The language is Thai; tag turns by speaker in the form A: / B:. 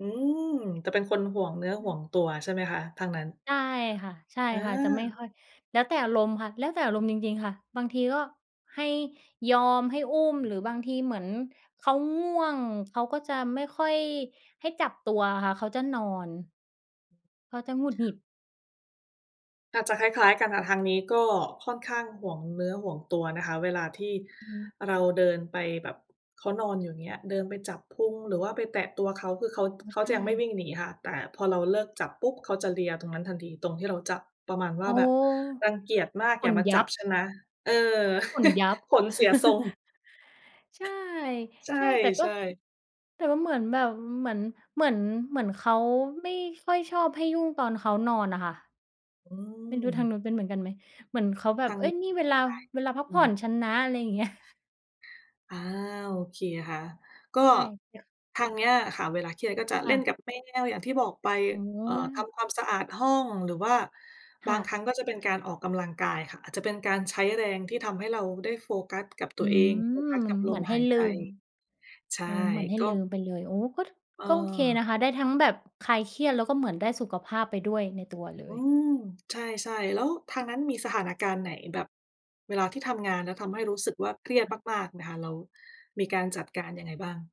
A: อืม จะเป็นคนหวงเนื้อ
B: อ
A: ห
B: ื
A: ว
B: ม
A: งตัว ใช่ไหมคะ ทางนั้น
B: ใช่ค่ะ ใช่
A: อา
B: ค่ะ จะไม่ค่อย แล้วแต่อารมณ์ค่ะ แล้วแต่อารมณ์จริง ๆ ค่ะ บางทีก็ให้ ยอมให้อุ้ม หรือบางทีเหมือนเขาง่วง เขาก็จะไม่ค่อยให้จับตัวอะค่ะ เขาจะนอน เขาจะหงุดหงิด
A: อาจจะคล้าย ๆ กันค่ะ ทางนี้ก็ค่อนข้างหวงเนื้อหวงตัวนะคะ เวลาที่
B: อือฮึ
A: เราเดินไปแบบ เขานอนอยู่ อย่างเงี้ย เดินไปจับพุง หรือว่าไปแตะตัวเขา คือเขา
B: อ๋อ
A: เขา
B: ใช
A: จะยังไม่
B: ่
A: วิ่งหนีค่ะ แต่พอเราเลิกจับปุ๊บ เขาจะเลียตรงนั้นทันที ตรงที่เราจับ ประมาณว
B: โ
A: ่
B: อ้
A: า
B: โ
A: แ
B: ฮ
A: บบรังเกียจมาก
B: ข
A: อย่า
B: น
A: มา
B: ย
A: จ
B: ั
A: ับ
B: บ
A: ฉันนะ เออ
B: ขนยับ
A: ขนเสียทรง
B: ใช่
A: ใ
B: ใช่ แต่ก็
A: ช่ ๆ
B: แต่ว่าเหมือนแบบ เหมือน เหมือน เหมือนเขาไม่ค่อยชอบให้ยุ่งตอนเขานอนน่ะค่ะ
A: อื
B: ไม่รู้ทา
A: ม
B: งนู้นเป็นเหมือนกันไหม เหมือนเขาแบ
A: ท
B: บ
A: าง
B: "เฮ้
A: นี
B: ย
A: ้
B: นี่เวลา
A: ใช่
B: เวลาพัก
A: อื
B: ผ่อ
A: ม
B: นฉันนะ" อะไรอย่างเงี้ย
A: อา โอเคค่ะ ก็
B: ใช่
A: ทางเนี้ยค่ะ เวลาเครียดก็จะ
B: ค
A: เล
B: ่
A: ่น
B: ะ
A: กับแมว อย่างที่บอกไป
B: โอ้โ
A: เอ่อ ท
B: ฮ
A: ำความสะอาดห้อง หรือว่า
B: ค
A: บา
B: ่
A: งครั
B: ะ
A: ้งก็จะเป็นการออกกำลังกายค่ะ อาจจะเป็นการใช้แรงที่ทำให้เราได้โฟกัสกับตั
B: อื
A: วเอง โฟก
B: ม
A: ัสกับล
B: เหมื
A: ม
B: อนให
A: ห
B: ้
A: าย
B: ล
A: ใ
B: ื
A: จ
B: ม
A: ใช่
B: อืม เหมือนให้
A: ก็
B: ลืมไปเลย โอ้ ก็ ก็โอเค
A: เ
B: น
A: ออ
B: ะคะ ได้ทั้งแบบคลายเครียด แล้วก็เหมือนได้สุขภาพไปด้วยในตัวเล
A: อื
B: ย
A: ม ใช่ ๆ แล้วทางนั้นมีสถานการณ์ไหนแบบ เวลาที่ทำงานแล้ว ทำให้รู้สึกว่าเครียดมาก ๆ ไหมคะ แล้วมีการจัดการยังไงบ้าง?